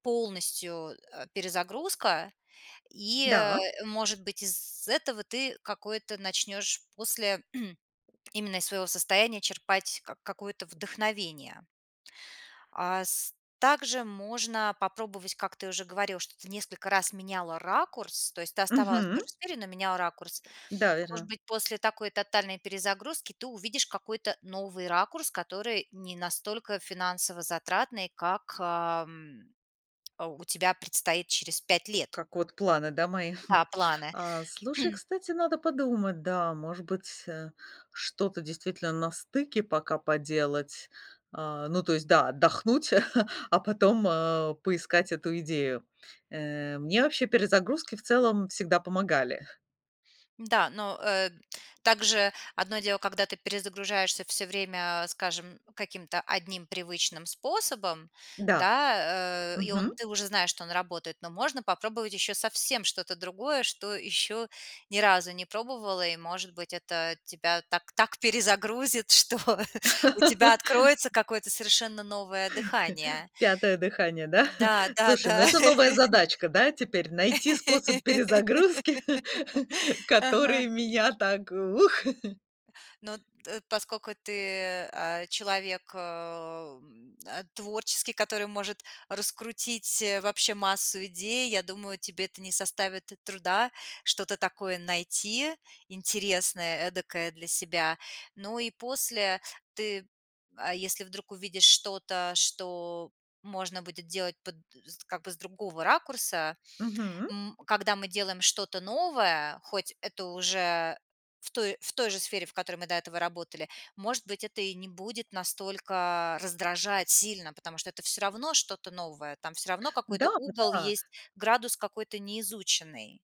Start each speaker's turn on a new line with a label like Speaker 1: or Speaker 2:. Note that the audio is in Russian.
Speaker 1: Полностью, а, перезагрузка. И, э,
Speaker 2: Да.
Speaker 1: может быть, из этого ты какое-то начнёшь после именно из своего состояния черпать ка какое-то вдохновение. А с также можно попробовать, как ты уже говорила, что ты несколько раз меняла ракурс. То есть ты оставалась тоже
Speaker 2: Мгм.
Speaker 1: в сфере, но меняла ракурс.
Speaker 2: Да,
Speaker 1: Может
Speaker 2: верно.
Speaker 1: быть, после такой тотальной перезагрузки ты увидишь какой-то новый ракурс, который не настолько финансово затратный, как, ам, у тебя предстоит через 5 лет.
Speaker 2: Как вот планы, да, мои?
Speaker 1: Да, планы.
Speaker 2: А, слушай, кстати, надо подумать, да, может быть э, что-то действительно на стыке пока поделать. А, ну, то есть, да, отдохнуть, а потом, а, поискать эту идею. Э, мне вообще перезагрузки, в целом, всегда помогали.
Speaker 1: Да, но, э, также одно дело- когда ты перезагружаешься всё время, скажем, каким-то одним привычным способом,
Speaker 2: Да,
Speaker 1: да, э, и он
Speaker 2: мгм.
Speaker 1: ты уже знаешь, что он работает, но можно попробовать еще совсем что-то другое, что еще ни разу не пробовала, и, может быть, это тебя так так перезагрузит, что у тебя откроется какое-то совершенно новое дыхание.
Speaker 2: Пятое дыхание, да?
Speaker 1: Да, да,
Speaker 2: Слушай, ну
Speaker 1: да.
Speaker 2: это новая задачка, да, теперь? Найти способ перезагрузки,
Speaker 1: Ага.
Speaker 2: которые меня так ух!
Speaker 1: Но т поскольку ты, а, человек, э, м, а, творческий, который может раскрутить вообще массу идей, я думаю, тебе это не составит труда что-то такое найти интересное, эдакое для себя. Ну и после ты, а если вдруг увидишь что-то, что можно будет делать под з как бы с другого ракурса
Speaker 2: Мгм.
Speaker 1: м, когда мы делаем что-то новое, хоть это уже в той в той же сфере, в которой мы до этого работали, может быть, это и не будет настолько раздражать сильно, потому что это всё равно что-то новое, там всё равно
Speaker 2: Да,
Speaker 1: какой-то
Speaker 2: вот
Speaker 1: угол
Speaker 2: да.
Speaker 1: есть, градус какой-то неизученный.